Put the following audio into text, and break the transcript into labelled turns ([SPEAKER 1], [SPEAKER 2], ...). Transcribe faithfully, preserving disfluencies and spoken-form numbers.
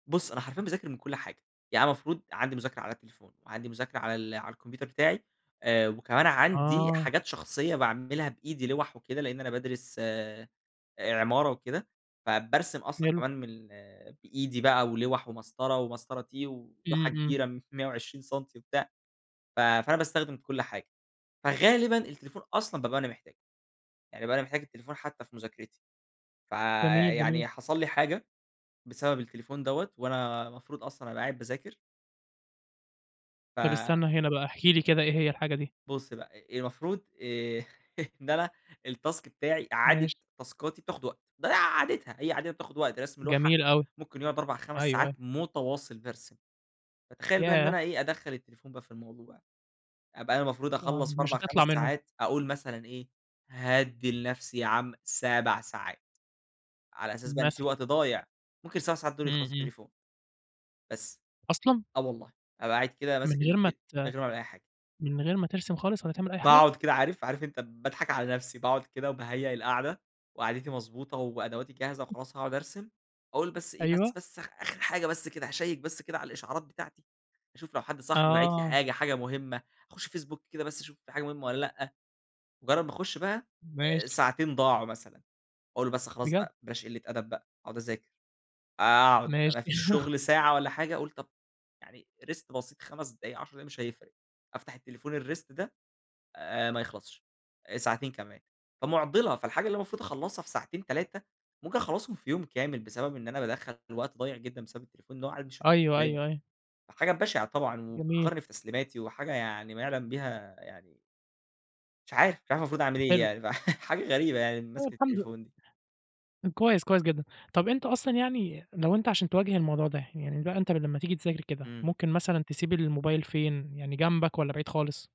[SPEAKER 1] بُصّ، أنا حرفيًا باذاكر من كل حاجة. يعني أنا المفروض عندي مذاكرة على التليفون، وعندي مذاكرة على ال على الكمبيوتر بتاعي آآ، وكمان عندي
[SPEAKER 2] آه.
[SPEAKER 1] حاجات شخصية باعملها بإيدي لوّح وكده، لإن أنا بادرس آآ، عمارة وكده. فبارسم أصلًا
[SPEAKER 2] حلو.
[SPEAKER 1] كمان من ال بإيدي بقى ولوّح ومسطرة، ومسطرة تي، ولوحة
[SPEAKER 2] إمم، إمم.
[SPEAKER 1] كبيرة مِيّة وعشرين سَنتي وبتاع. ف فأنا باستخدم كل حاجة. فغالبًا، التليفون أصلًا بابقى أنا محتاجه، يعني بابقى أنا محتاج التليفون حتى في مذاكرتي.
[SPEAKER 2] جميل، جميل.
[SPEAKER 1] فيعني حصل لي حاجة، بسبب التليفون دوّة وأنا المفروض أصلًا أبقى قاعد باذاكر. ف
[SPEAKER 2] طب، استنى هنا بقى، احكِ لي كده إيه هي الحاجة دي؟
[SPEAKER 1] بُص بقى، المفروض آآ، إن أنا التاسك بتاعي، إعادة
[SPEAKER 2] ماشي.
[SPEAKER 1] تاسكاتي بتاخد وقت. ده عادتها، هي عادتها بتاخد وقت. رسم لوحة
[SPEAKER 2] جميل أوي.
[SPEAKER 1] ممكن يقعد أربع، خمس
[SPEAKER 2] أيوه،
[SPEAKER 1] ساعات
[SPEAKER 2] أيوه.
[SPEAKER 1] متواصل بارسم. فتخيل بقى إن
[SPEAKER 2] ياه!
[SPEAKER 1] أنا إيه، أدخل التليفون بقى في الموضوع. أبقى أنا المفروض
[SPEAKER 2] آه،
[SPEAKER 1] أخلص في
[SPEAKER 2] مش
[SPEAKER 1] أربع خمس
[SPEAKER 2] هتطلع منهم.
[SPEAKER 1] ساعات، أقول مثلًا إيه، هأدي لنفسي يا عم سبع ساعات، على أساس بقي إن في
[SPEAKER 2] مثلًا.
[SPEAKER 1] وقت ضايع. ممكن السبع ساعات دول يخلصوا
[SPEAKER 2] إمم، إمم.
[SPEAKER 1] عالتليفون. بس،
[SPEAKER 2] أصلًا؟
[SPEAKER 1] آه والله. أبقى قاعد كده
[SPEAKER 2] من
[SPEAKER 1] ماسك
[SPEAKER 2] غير ما
[SPEAKER 1] التل من
[SPEAKER 2] ت
[SPEAKER 1] غير ولا أي حاجة.
[SPEAKER 2] من غير ما ترسم خالص والَّا تعمل أي حاجة؟
[SPEAKER 1] باقعد كده عارف، عارف أنت باضحك على نفسي. باقعد كده وباهيأ القاعدة، وقعدتي مضبوطة وأدواتي جاهزة وخلاص هاقعد أرسم، أقول بس إيه بس
[SPEAKER 2] أيوه.
[SPEAKER 1] بس آخر حاجة، بس كده هاشيك بس كده على الإشعارات بتاعتي، أشوف لو حد صاحبي باعت لي
[SPEAKER 2] آه.
[SPEAKER 1] حاجة، حاجة مهمة، اخش فيسبوك كده بس أشوف في حاجة مهمة والَّا لأ. مجرد ما أخش بقى، آآ،
[SPEAKER 2] ماشي.
[SPEAKER 1] ساعتين ضاعوا مثلًا، أقول بس خلاص
[SPEAKER 2] بجد!
[SPEAKER 1] بقى بلاش قلة أدب بقى، أقعد أذاكر. آآ، أقعد، ما
[SPEAKER 2] ماشي.
[SPEAKER 1] فيش شغل ساعة والَّا حاجة اقول طب، يعني rest بسيط خمس دقايق عشر دقايق مش هيفرق. أفتح التليفون الrest ده آآ، ما يخلصش، ساعتين كمان. فمعضلة، فالحاجة اللي أنا المفروض أخلصها في ساعتين تلاتة ممكن أخلصهم في يوم كامل بسبب إن أنا بادخل وقت ضايع جدًا بسبب التليفون ده، وقاعد مش شغال
[SPEAKER 2] أيوه،
[SPEAKER 1] دايمًا.
[SPEAKER 2] أيوه، أيوه.
[SPEAKER 1] فحاجة بشعة طبعًا
[SPEAKER 2] جميل.
[SPEAKER 1] وبتأخرني في تسليماتي وحاجة يعني ما يعلم بيها يعني مش عارف، مش عارف المفروض أعمل
[SPEAKER 2] حلو.
[SPEAKER 1] إيه، فيعني حاجة غريبة يعني
[SPEAKER 2] طب،
[SPEAKER 1] مسكة
[SPEAKER 2] الحمد
[SPEAKER 1] التليفون دي.
[SPEAKER 2] كويس، كويس جدًا. طب، أنت أصلًا يعني لو أنت عشان تواجه الموضوع ده، يعني بقى أنت لمّا تيجي تذاكر كده
[SPEAKER 1] إمم.
[SPEAKER 2] ممكن مثلًا تسيب الموبايل فين؟ يعني جنبك والَّا بعيد خالص؟